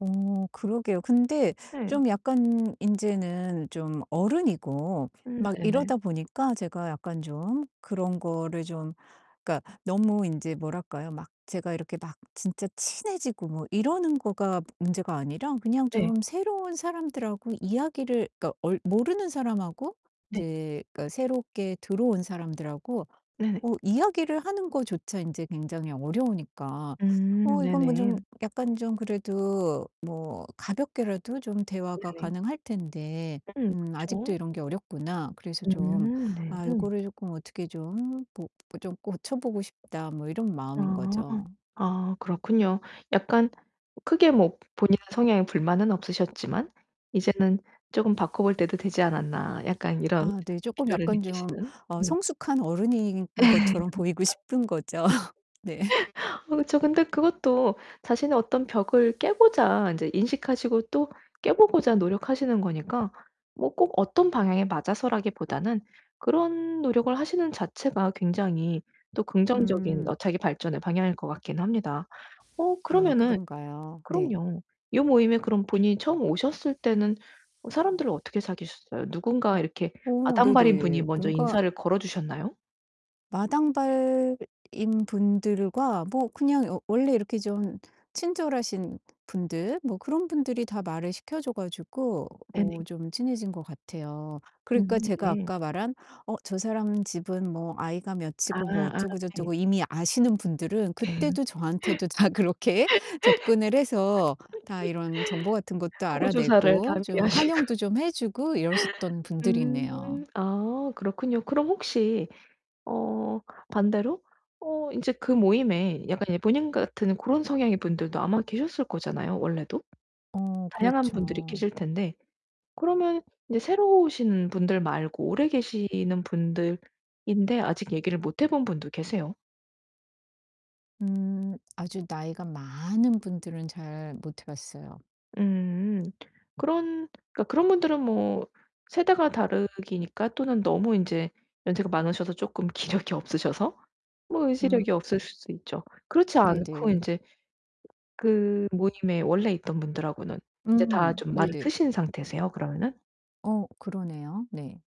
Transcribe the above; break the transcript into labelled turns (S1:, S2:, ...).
S1: 어 그러게요. 근데
S2: 네.
S1: 좀 약간 인제는 좀 어른이고
S2: 음.
S1: 막
S2: 네네.
S1: 이러다 보니까 제가 약간 좀 그런 거를 좀 그러니까 너무 인제 뭐랄까요? 막 제가 이렇게 막 진짜 친해지고 뭐 이러는 거가 문제가 아니라 그냥
S2: 네.
S1: 좀 새로운 사람들하고 이야기를 그러니까 얼 모르는 사람하고
S2: 네.
S1: 이제 그러니까 새롭게 들어온 사람들하고
S2: 네.
S1: 어 이야기를 하는 것조차 인제 굉장히 어려우니까
S2: 음
S1: '어 이건 뭐 좀
S2: 네네.
S1: 약간 좀 그래도 뭐 가볍게라도 좀 대화가
S2: 네네.
S1: 가능할 텐데,
S2: 음.
S1: 음 아직도
S2: 그쵸.
S1: 이런 게 어렵구나.' 그래서 좀
S2: 음 네.
S1: '아 요거를 쪼끔 어떻게 좀 뭐 좀 고쳐 보고 싶다.' 뭐 이런 마음인
S2: 아.
S1: 거죠.
S2: 아 그렇군요. '약간 크게 뭐 본인의 성향에 불만은 없으셨지만 이제는 쪼금 바꿔 볼 때도 되지 않았나.' 약간 이런
S1: 아 네, 쪼끔
S2: 필요를
S1: 약간 좀
S2: 느끼시는
S1: 어
S2: 네.
S1: 성숙한 어른인 것처럼 보이고 싶은 거죠. 네.
S2: 아 그쵸. 근데 그것도 자신의 어떤 벽을 깨고자 인제 인식하시고 또 깨 보고자 노력하시는 거니까 뭐 꼭 어떤 방향에 맞아서라기보다는 그런 노력을 하시는 자체가 굉장히 또 긍정적인 어
S1: 음.
S2: 자기 발전의 방향일 것 같기는 합니다. 어
S1: 아
S2: 그러면은
S1: 그런가요? 네.
S2: 그럼요. 요 모임에 그런 분이 처음 오셨을 때는 어 사람들을 어떻게 사귀셨어요? 누군가 이렇게
S1: 어
S2: 마당발인 분이
S1: 네네.
S2: 먼저
S1: 뭔가
S2: 인사를 걸어 주셨나요?
S1: 마당발인 분들과 뭐 그냥 어 원래 이렇게 좀 친절하신 분들 뭐 그런 분들이 다 말을 시켜 줘 가지고 어
S2: 네네.
S1: 좀 친해진 것 같아요. 그러니까
S2: 음
S1: 제가
S2: 네.
S1: 아까 말한 '어 저 사람 집은 뭐 아이가
S2: 아
S1: 몇이고 뭐
S2: 아 네.
S1: 어쩌고저쩌고' 이미 아시는 분들은 그때도 저한테도 다 그렇게 접근을 해서 다 이런 정보 같은 것도
S2: 호구 조사를
S1: 알아내고
S2: 단디 하시고
S1: 좀 환영도 좀 해 주고 이러셨던
S2: 음
S1: 분들이네요.
S2: 아 그렇군요. 그럼 혹시 어 반대로 어 인제 그 모임에 약간 예 본인 같은 고런 성향의 분들도 아마 계셨을 거잖아요 원래도?
S1: 어,
S2: 다양한 분들이
S1: 그렇죠.
S2: 계실 텐데 그러면 이제 새로 오신 분들 말고 오래 계시는 분들인데 아직 얘기를 못 해 본 분도 계세요?
S1: 음 아주 나이가 많은 분들은 잘 못 해 봤어요.
S2: 음. 그런 그러니까 그런 분들은 뭐 세대가 다르니까 또는 너무 인제 연세가 많으셔서 쪼끔 기력이 없으셔서 뭐
S1: 음.
S2: 의지력이 없으실 수 있죠. 그렇지 않고
S1: 네네.
S2: 인제 그 모임에 원래 있던 분들하고는 이제 다
S1: 음.
S2: 좀 말을
S1: 네네.
S2: 트신 상태세요 그러면은?
S1: 어 그러네요. 네.